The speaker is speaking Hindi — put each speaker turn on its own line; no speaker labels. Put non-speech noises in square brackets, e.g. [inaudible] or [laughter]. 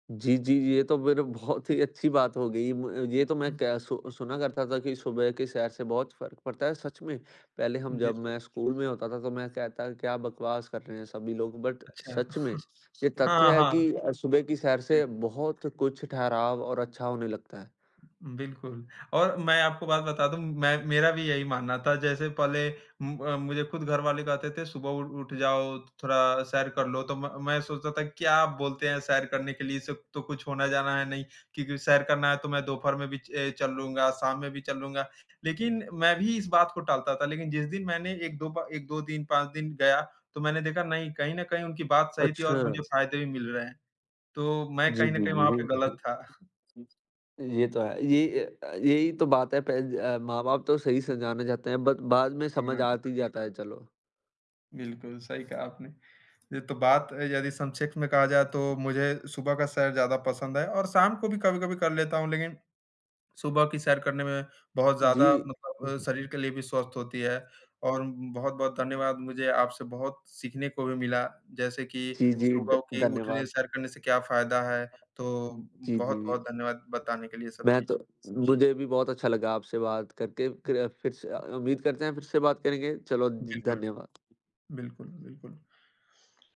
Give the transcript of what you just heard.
जी, जी। ये तो फ़िर बहुत ही अच्छी बात हो गई। मु ये तो मैं के सु सुना करता था कि सुबह के सैर से बहुत फ़र्क पड़ता है सच में, पहले हम
जी,
जब
फिर
मैं स्कूल में होता था तो मैं कहता क्या बकवास कर रहे हैं सभी लोग, बट
अच्छा।
सच में, ये
हाँ,
तथ्य है
हाँ।
कि अ, सुबह की सैर
जी।
से
हुँ, हुँ।
बहुत कुछ ठहराव और अच्छा होने लगता है।
बिल्कुल। और मैं आपको बात बता दूँ, मैं मेरा भी यही मानना था जैसे पहले म अ, मुझे खुद घरवाले कहते थे सुबह उ उठ जाओ, थो थोड़ा सैर कर लो तो म मैं ये सोचता था क्या बोलते हैं सैर करने के लिए, इससे तो कुछ होना जाना है नहीं। क्योंकि सैर करना है, तो मैं दोपहर में भी ए चल लूँगा, शाम में भी चल लूँगा, लेकिन मैं भी इस बात को टालता था लेकिन जिस दिन मैंने 1-2 बा 1-2 दिन, 5 दिन गया तो मैंने देखा नहीं, कहीं न कहीं उनकी बात सही थी और
अच्छा।
मुझे फायदे भी मिल रहे हैं। तो मैं
जी,
कहीं न
जी,
कहीं वहाँ पे गलत था।
जी। ये तो है, ये अ अ, ये ही तो बात है पे अ, माँ-बाप तो सही समझाना चाहते हैं, बट बाद में
[unintelligible]
समझ
हाँ।
आती जाता है चलो।
बिल्कुल सही कहा आपने। ये तो बात यदि संक्षेप में कहा जाए तो मुझे सुबह का सैर ज़्यादा पसंद है और शाम को भी कभी-कभी कर लेता हूँ, लेकिन सुबह की सैर करने में बहुत
जी।
ज़्यादा मतलब शरीर के लिए भी स्वस्थ होती है। और बहुत-बहुत धन्यवाद मुझे आपसे बहुत सीखने को भी मिला, जैसे कि
जी, जी ध
सुबह के उठने,
धन्यवाद।
सैर करने से क्या फायदा है, तो
जी, जी।
बहुत-बहुत धन्यवाद बताने के लिए ये सब
मैं
चीज़।
तो मुझे भी बहुत अच्छा लगा आपसे बात करके क फिर से अ, उम्मीद करते हैं फिर से बात करेंगे। चलो जी,
बिल्कुल।
धन्यवाद।
बिल्कुल, बिल्कुल।